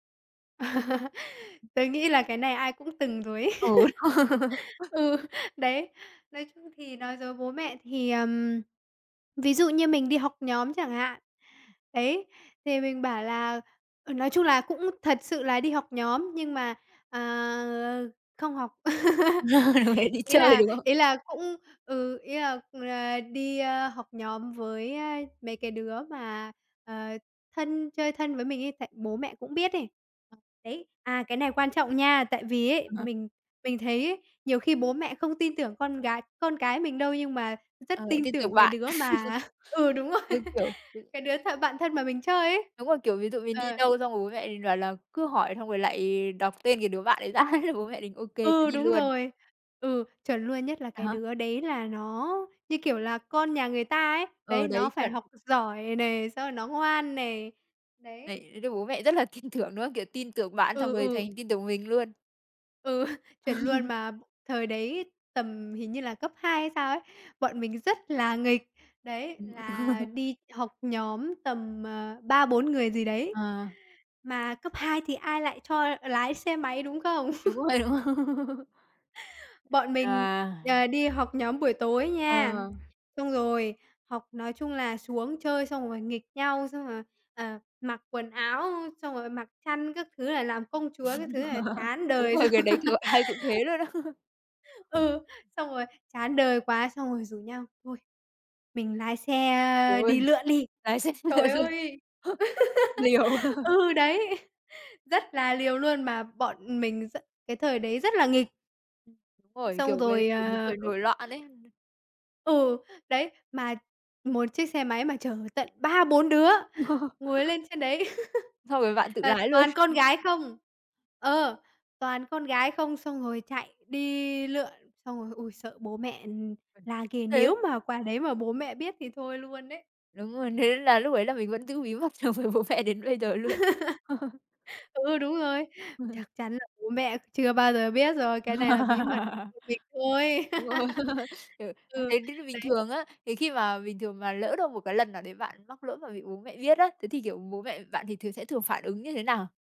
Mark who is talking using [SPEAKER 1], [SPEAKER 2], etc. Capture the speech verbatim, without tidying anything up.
[SPEAKER 1] Tớ nghĩ là cái này ai cũng từng rồi ấy.
[SPEAKER 2] Ừ.
[SPEAKER 1] Ừ, đấy, nói chung thì nói dối bố mẹ thì, ừm, ví dụ như mình đi học nhóm chẳng hạn, đấy, thì mình bảo là à, nói chung là cũng thật sự là đi học nhóm nhưng mà, à, không học.
[SPEAKER 2] [unintelligible] Đi
[SPEAKER 1] Ý
[SPEAKER 2] chơi,
[SPEAKER 1] là
[SPEAKER 2] đúng không?
[SPEAKER 1] ý là cũng ừ, ý là là đi, a, học nhóm với, a, mấy cái đứa mà, ờ, thân chơi thân với mình ấy, tại bố mẹ cũng biết ấy. Đấy, à, cái này quan trọng nha, tại vì ấy mình mình thấy ấy nhiều khi bố mẹ không tin tưởng con gái con cái mình đâu nhưng mà rất
[SPEAKER 2] Ờ, lại
[SPEAKER 1] tin
[SPEAKER 2] tin
[SPEAKER 1] tưởng
[SPEAKER 2] tưởng
[SPEAKER 1] cái
[SPEAKER 2] bạn.
[SPEAKER 1] đứa mà ừ, đúng rồi,
[SPEAKER 2] Cứ, kiểu cứ
[SPEAKER 1] cái đứa th bạn thân mà mình chơi ấy,
[SPEAKER 2] Đúng rồi, kiểu, ví dụ mình đi
[SPEAKER 1] ờ.
[SPEAKER 2] đâu xong rồi bố mẹ mình bảo là cứ hỏi xong rồi lại đọc tên cái đứa bạn ấy ra thế bố mẹ mình ô kê, cho
[SPEAKER 1] Ừ,
[SPEAKER 2] đi
[SPEAKER 1] đúng
[SPEAKER 2] luôn.
[SPEAKER 1] rồi! Ừ, chuẩn luôn, nhất là
[SPEAKER 2] À
[SPEAKER 1] cái
[SPEAKER 2] hả?
[SPEAKER 1] đứa đấy là nó, như kiểu, là con nhà người ta ấy,
[SPEAKER 2] Ừ,
[SPEAKER 1] đấy, nó
[SPEAKER 2] đấy,
[SPEAKER 1] phải
[SPEAKER 2] chuẩn!
[SPEAKER 1] học giỏi nè, xong rồi nó ngoan nè, đấy.
[SPEAKER 2] Đấy, thế nên bố mẹ rất là tin tưởng, đúng không? Kiểu, tin tưởng bạn xong
[SPEAKER 1] Ừ,
[SPEAKER 2] rồi thành
[SPEAKER 1] ừ.
[SPEAKER 2] tin tưởng mình luôn.
[SPEAKER 1] Ừ, chuẩn luôn! Mà thời đấy tầm hình như là cấp hai hay sao ấy, bọn mình rất là nghịch, đấy,
[SPEAKER 2] Ừm.
[SPEAKER 1] là đi học nhóm tầm, ờ, ba bốn người gì đấy,
[SPEAKER 2] À.
[SPEAKER 1] mà cấp hai thì ai lại cho lái xe máy, đúng không?
[SPEAKER 2] Đúng rồi, đúng
[SPEAKER 1] Bọn mình,
[SPEAKER 2] à.
[SPEAKER 1] ờ, đi học nhóm buổi tối nha,
[SPEAKER 2] À.
[SPEAKER 1] xong rồi học nói chung là xuống chơi xong rồi nghịch nhau, xong rồi, ờ, mặc quần áo, ơ, xong rồi mặc khăn các thứ là làm công chúa các thứ là chán
[SPEAKER 2] Đúng
[SPEAKER 1] đời
[SPEAKER 2] rồi,
[SPEAKER 1] xong
[SPEAKER 2] cái đấy thì gọi ai cũng thế luôn á.
[SPEAKER 1] ừ, xong rồi chán đời quá, xong rồi rủ nhau thôi mình lái xe, ơ,
[SPEAKER 2] Uầy,
[SPEAKER 1] đi lượn đi.
[SPEAKER 2] lái xe đi về
[SPEAKER 1] Trời
[SPEAKER 2] luôn!
[SPEAKER 1] ơi!
[SPEAKER 2] Liều.
[SPEAKER 1] Ừ, đấy, rất là liều luôn, mà bọn mình rất cái thời đấy rất là nghịch.
[SPEAKER 2] Rồi, kiểu,
[SPEAKER 1] Xong
[SPEAKER 2] cái
[SPEAKER 1] rồi,
[SPEAKER 2] lứa
[SPEAKER 1] à
[SPEAKER 2] tuổi nổi loạn ấy.
[SPEAKER 1] Ừ, đấy, mà một chiếc xe máy mà chở tận ba bốn đứa ngồi lên trên đấy
[SPEAKER 2] Xong rồi bạn tự
[SPEAKER 1] và
[SPEAKER 2] lái luôn.
[SPEAKER 1] toàn con gái không ờ, toàn con gái không, xong rồi chạy đi lượn, xong rồi ôi, sợ bố mẹ, ừm, la ghê,
[SPEAKER 2] Thế
[SPEAKER 1] nếu mà quả đấy mà bố mẹ biết thì thôi luôn đấy.
[SPEAKER 2] Đúng rồi, thế nên là lúc ấy là mình vẫn giữ bí mật đối với bố mẹ đến bây giờ luôn.
[SPEAKER 1] Ừ, đúng rồi, chắc chắn là bố mẹ chưa bao giờ biết rồi, cái này là bí mật [unintelligible] thôi.
[SPEAKER 2] Đúng rồi, kiểu, thành
[SPEAKER 1] Ừ,
[SPEAKER 2] tích nó bình
[SPEAKER 1] đấy.
[SPEAKER 2] thường á, thì khi mà bình thường mà lỡ đâu một cái lần nào đấy bạn mắc lỗi mà bị bố mẹ biết á, thế thì, kiểu, bố mẹ bạn thì thường sẽ thường phản ứng như thế nào?